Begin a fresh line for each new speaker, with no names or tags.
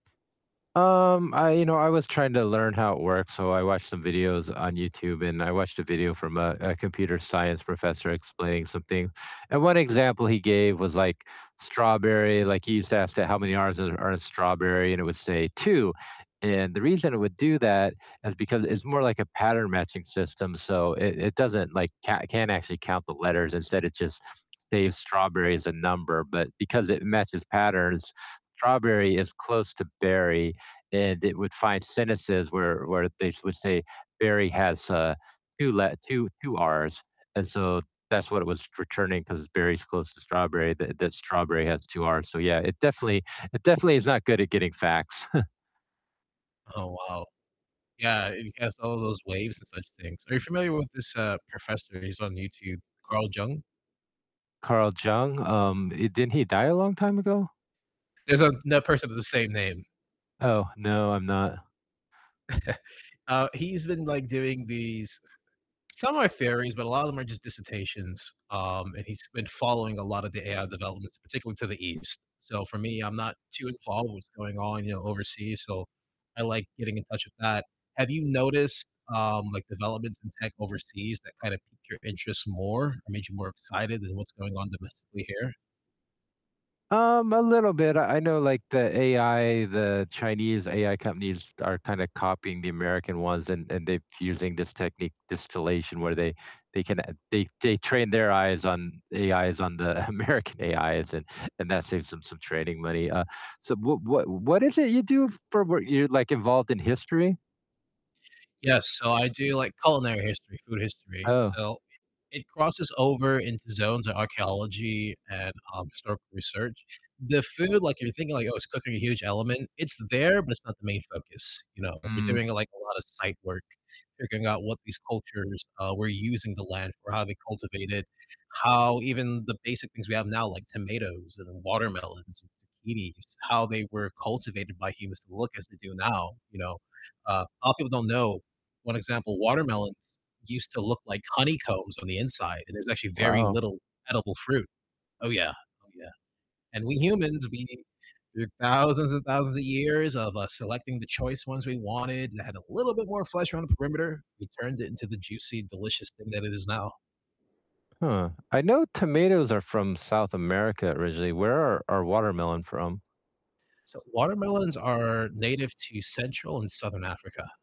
Um, I you know, I was trying to learn how it works, so I watched some videos on YouTube, and I watched a video from a a computer science professor explaining something, and one example he gave was, like, strawberry, like, he used to ask it how many R's are in strawberry, and it would say "2," and the reason it would do that is because it's more like a pattern matching system, so it it doesn't, like, coun can't actually count the letters, instead it just saves strawberry as a number but because it matches patterns, strawberry is close to berry, and it would find sentences where where they s would say berry has, uh, 2 let 2- 2 R's. And so that's what it was returning 'cause berry's close to strawberry, that that strawberry has 2 R's. So yeah, it definitely it definitely is not good at getting facts.
Oh, wow. Yeah, and he cast all those waves and such things. Are you familiar with this, uh, professor? He's on YouTube, Carl Jung?
Carl Jung? Um, eh, didn't he die a long time ago?
There's another person with the same name.
Oh, no, I'm not.
Uh, he's been, like, doing these some are theories, but a lot of them are just dissertations, um, and he's been following a lot of the AI developments, particularly to the east. So, for me, I'm not too involved with going on, you know, overseas, so I like getting in touch with that. Have you noticed, um, like, developments in tech overseas that kind of pique your interest more or made you more excited than what's going on domestically here?
Um, a little bit. I I know like the AI the Chinese AI companies are kinda copying the American ones and and they're using this technique distillation where they they can they they train their eyes on AIs on the American AIs and and that saves them some training money. Uh, so what what what is it you do for wor you're, like, involved in history?
Yeah, so I do, like, culinary history, food history.
Oh.
So, it it crosses over into zones of archeology and, um, historical research. The food, like you're thinking like, "Oh, is cooking a huge element?" It's there, but it's not the main focus, you know, we're
Mm.
doing, like, a lot of site work, figuring out what these cultures, uh, were using the land for, how they cultivated, how even the basic things we have now, like tomatoes and watermelons and zucchinis, how they were cultivated by humans to look as they do now, you know? Uh, lotta people don't know 1 example, watermelons used to look like honeycombs on the inside, and there's actually very
Wow.
little edible fruit. Oh, yeah, oh, yeah. And we humans, we through thousands and thousands of years of, uh, selecting the choice ones we wanted that had a little bit more flesh around the perimeter, we turned it into the juicy, delicious thing that it is now.
Huh. I know tomatoes are from South America originally, where are are watermelon from?
So, watermelons are native to Central and Southern Africa.